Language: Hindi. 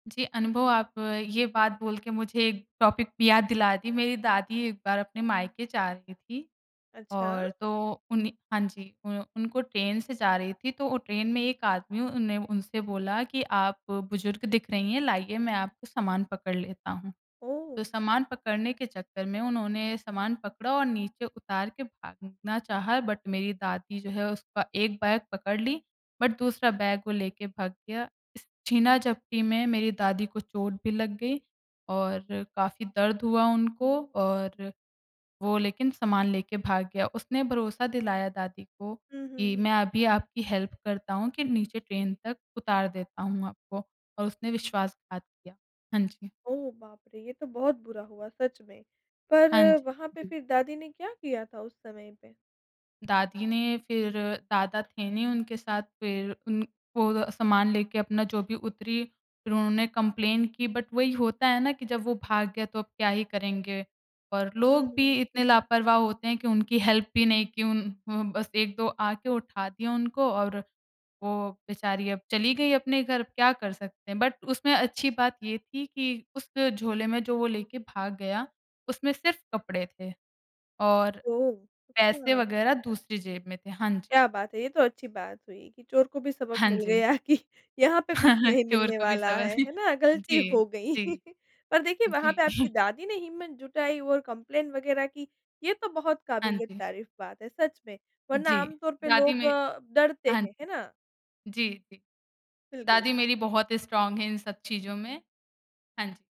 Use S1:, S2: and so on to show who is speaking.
S1: जी, अनुभव आप ये बात बोल के मुझे एक टॉपिक पे याद दिला दी, मेरी दादी एक बार अपने मायके जा रहीं थीं।
S2: अच्छा।
S1: और तो उन्ह हाँ जी, उ उनको ट्रेन से जा रही थीं, तो ओ ट्रेन में एक आदमी उन ने उनसे बोला कि, "आप बुज़ुर्ग दिख रही हैं, लाइए मैं आपका सामान पकड़ लेता हूँ।" तो
S2: ओह!
S1: सामान पकड़ने के चक्कर में, उन्होंने सामान पकड़ा और नीचे उतार के भागना चाहा, बट मेरी दादी जो है, उसका 1 बैग पकड़ लीं, बट दूसरा बैग वो लेके भाग गया, इस छीना-झपटी में मेरी दादी को चोट भी लग गई, और काफ़ी दर्द हुआ उनको और वो लेकिन सामान लेके भाग गया। उसने भरोसा दिलाया दादी को,
S2: हुँ, हुँ,
S1: कि
S2: हुँ।
S1: मैं अभी आपकी हेल्प करता हूँ, कि नीचे ट्रेन तक उतार देता हूँ आपको, और उसने विश्वासघात किया। हाँ जी।
S2: ओह बाप रे! ये तो बहुत बुरा हुआ, सच में। पर
S1: हाँ जी,
S2: वहाँ पे
S1: जी।
S2: फिर दादी ने क्या किया था, उस समय पे?
S1: दादी ने फिर दादा थे नहीं उनके साथ, फिर उन वो अ, सामान लेके अपना जो भी उतरीं, फिर उन्होंने कंप्लेन की बट वही होता है ना, कि जब वो भाग गया, तो अब क्या ही करेंगे? और
S2: हुँ,
S1: लोग भी
S2: हुँ।
S1: इतने लापरवाह होते हैं कि उनकी हेल्प भी नहीं की, उन अ, बस 1-2 आके उठा दिया उनको और वो बेचारी, अब चली गईं अपने घर, अब क्या कर सकते हैं? बट उसमें अच्छी बात ये थी कि उस झोले में, जो वो लेके भाग गया, उसमें सिर्फ़ कपड़े थे और
S2: ओह,
S1: पैसे
S2: अच्छा।
S1: वग़ैरह दूसरी जेब में थे, हाँ जी।
S2: क्या बात है! ये तो अच्छी बात हुई कि चोर को भी सबक
S1: हाँ
S2: मिल
S1: जी।
S2: गया कि यहाँ पे कुछ नहीं
S1: चोर
S2: मिलने
S1: को भी
S2: वाला
S1: समझ
S2: है, है ना? गलती
S1: जी,
S2: हो गई।
S1: जी,
S2: पर देखिए, वहाँ
S1: जी।
S2: पे आपकी दादी ने हिम्मत जुटाई और कंप्लेंट वगैरह की, ये तो बहुत
S1: हाँ
S2: काबिलियत
S1: जी।
S2: तारीफ़ बात है, सच में। वरना
S1: जी,
S2: आम तौर पे
S1: दादी
S2: लोग
S1: मे
S2: अ, डरते
S1: हाँ
S2: हैं, है ना?
S1: जी, जी।
S2: बिल्कुल।
S1: दादी मेरी बहुत स्ट्राँग हैं, इन सब चीजों में। हाँ जी।